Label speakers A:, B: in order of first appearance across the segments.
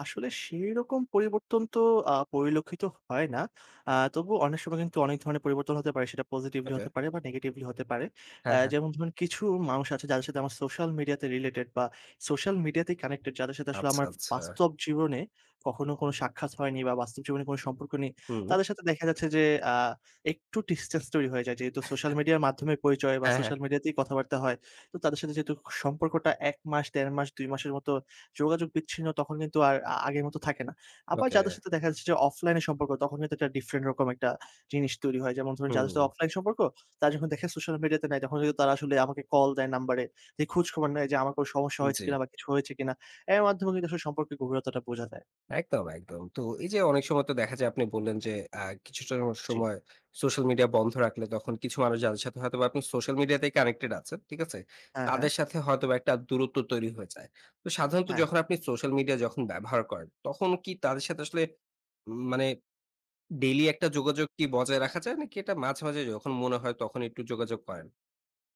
A: আসলে সেই রকম পরিবর্তন তো আ পরিলক্ষিত হয় না। আ তবুও অনেক সময় কিন্তু অনেক ধরনের পরিবর্তন হতে পারে। সেটা পজিটিভলি
B: আচ্ছা।
A: হতে পারে বা নেগেটিভলি হতে পারে। অ্যা
B: হ্যাঁ, হ্যাঁ।
A: যেমন ধরুন কিছু মানুষ আছে যাদের সাথে আমার সোশ্যাল মিডিয়াতে রিলেটেড বা সোশ্যাল মিডিয়াতেই কানেক্টেড। যাদের সাথে আসলে
B: আচ্ছা,
A: আমার
B: আচ্ছা।
A: বাস্তব জীবনে কখনো কোনো সাক্ষাৎ হয়নি বা বাস্তব জীবনে কোনো সম্পর্ক নেই।
B: হুম।
A: তাদের সাথে দেখা যাচ্ছে যে আ একটু distance তৈরি হয়ে যায়, যেহেতু সোশ্যাল মিডিয়ার মাধ্যমেই পরিচয় বা
B: হ্যাঁ, হ্যাঁ।
A: সোশ্যাল মিডিয়াতেই কথাবার্তা হয়। তো তাদের সাথে যেহেতু সম্পর্কটা ১ মাস, ১.৫ মাস, ২ মাসের মতো যোগাযোগ বিচ্ছিন্ন, তখন কিন্তু আর আ আগের মতো থাকে না। আবার
B: ওকে।
A: যাদের সাথে দেখা যাচ্ছে যে অফলাইনে সম্পর্ক, তখন কিন্তু একটা ডিফরেন্ট রকম একটা জিনিস তৈরি হয়। যেমন ধরুন যাদের সাথে
B: হুম।
A: অফলাইন সম্পর্ক, তারা যখন দেখে সোশ্যাল মিডিয়াতে নাই, তখন কিন্তু তারা আসলে আমাকে কল দেয় নাম্বারে। দিয়ে খোঁজখবর নেয় যে আমার কোনো সমস্যা
B: উম
A: হয়েছে
B: জি।
A: কিনা বা কিছু হয়েছে কিনা? অ্যার মাধ্যমে কিন্তু আসলে সম্পর্কের গভীরতাটা বোঝা যায়।
B: একদম, একদম। তো এই যে অনেক সময় তো দেখা যায় আপনি বললেন যে অ্যা কিছুটা
A: জি।
B: সময় সোশ্যাল মিডিয়া বন্ধ রাখলে তখন কিছু মানুষ যাদের সাথে হয়তোবা আপনি সোশ্যাল মিডিয়াতেই কানেক্টেড আছেন, ঠিক আছে?
A: হ্যাঁ, হ্যাঁ।
B: তাদের সাথে হয়তোবা একটা দূরত্ব তৈরি হয়ে যায়। তো সাধারণত
A: হ্যাঁ।
B: যখন আপনি সোশ্যাল মিডিয়া যখন ব্যবহার করেন, তখন কী তাদের সাথে আসলে উম মানে ডেইলি একটা যোগাযোগটি বজায় রাখা যায়? নাকি এটা মাঝে, মাঝে যখন মনে হয় তখন একটু যোগাযোগ করেন?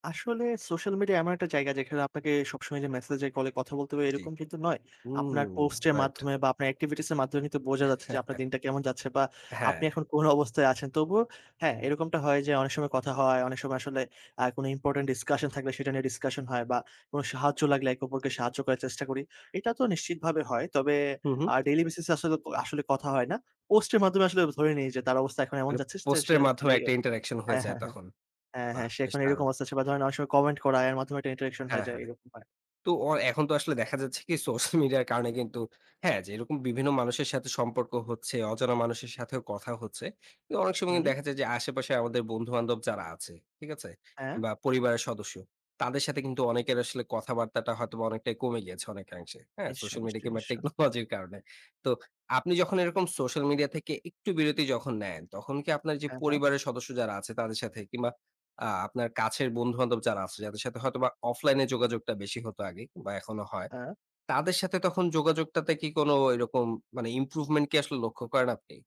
A: আসলে সোশ্যাল মিডিয়া এমন একটা জায়গা যেখানে আপনাকে সবসময় যে মেসেজে-কলে কথা বলতে হবে,
B: জি।
A: এইরকম কিন্তু নয়। আপনার
B: হুম
A: পোস্টের
B: রাইট।
A: মাধ্যমে বা আপনার activities এর মাধ্যমে কিন্তু বোঝা যাচ্ছে যে আপনার দিনটা কেমন যাচ্ছে বা
B: হ্যাঁ।
A: আপনি এখন কোন অবস্থায় আছেন। তবুও হ্যাঁ, এইরকমটা হয় যে অনেক সময় কথা হয়, অনেক সময় আসলে আ কোনো important discussion থাকলে, সেটা নিয়ে ডিসকাশন হয় বা কোনো সাহায্য লাগলে, একে অপরকে সাহায্য করার চেষ্টা করি। এটা তো নিশ্চিতভাবে হয়। তবে
B: হুম, হুম।
A: আ daily basis এ আসলেতো আসলে কথা হয় না। পোস্টের মাধ্যমে আসলে ধরে নেই যে তার অবস্থা এখন এমন
B: মানে
A: যাচ্ছে।
B: পোস্টের মাধ্যমে একটা
A: [unintelligible]
B: interaction হয়ে
A: হ্যাঁ,
B: যায়
A: হ্যাঁ, হ্যাঁ।
B: তখন।
A: হ্যাঁ, হ্যাঁ।
B: বাহ্!
A: সে
B: বেশ
A: এখন এইরকম
B: দারুণ!
A: আছে সে বা ধরেন অনেক সময় কমেন্ট করা। এর মাধ্যমে একটা interaction হয়ে
B: হ্যাঁ,
A: যায়,
B: হ্যাঁ।
A: এরকম হয়।
B: তো অ এখন তো আসলে দেখা যাচ্ছে কী, সোশ্যাল মিডিয়ার কারণে কিন্তু হ্যাঁ, যেইরকম বিভিন্ন মানুষের সাথে সম্পর্ক হচ্ছে, অজানা মানুষের সাথেও কথা হচ্ছে। কিন্তু অনেক সময় কিন্তু
A: হুম।
B: দেখা যায় যে আশেপাশে আমাদের বন্ধু-বান্ধব যারা আছে, ঠিক আছে?
A: হ্যাঁ।
B: কিংবা পরিবারের সদস্য, তাদের সাথে কিন্তু অনেকের আসলে কথাবার্তাটা হয়তো অনেকটাই কমে গিয়েছে অনেকাংশে, হ্যাঁ?
A: নিশ্চয়ই,
B: সোশ্যাল মিডিয়া
A: নিশ্চয়ই,
B: কিংবা
A: নিশ্চ
B: টেকনোলজির কারণে। তো আপনি যখন এরকম সোশ্যাল মিডিয়া থেকে একটু বিরতি যখন নেন, তখন কি আপনার যে
A: হ্যাঁ, হ্যাঁ।
B: পরিবারের সদস্য যারা আছে, তাদের সাথে কিংবা আ আপনার কাছের বন্ধু-বান্ধব যারা আছে, যাদের সাথে হয়তোবা অফলাইনে যোগাযোগটা বেশি হতো আগে কিংবা এখনো হয়।
A: হ্যাঁ।
B: তাদের সাথে তখন যোগাযোগটাতে কি কোনো ওই রকম মানে improvement কি আসলে লক্ষ্য করেন আপনি?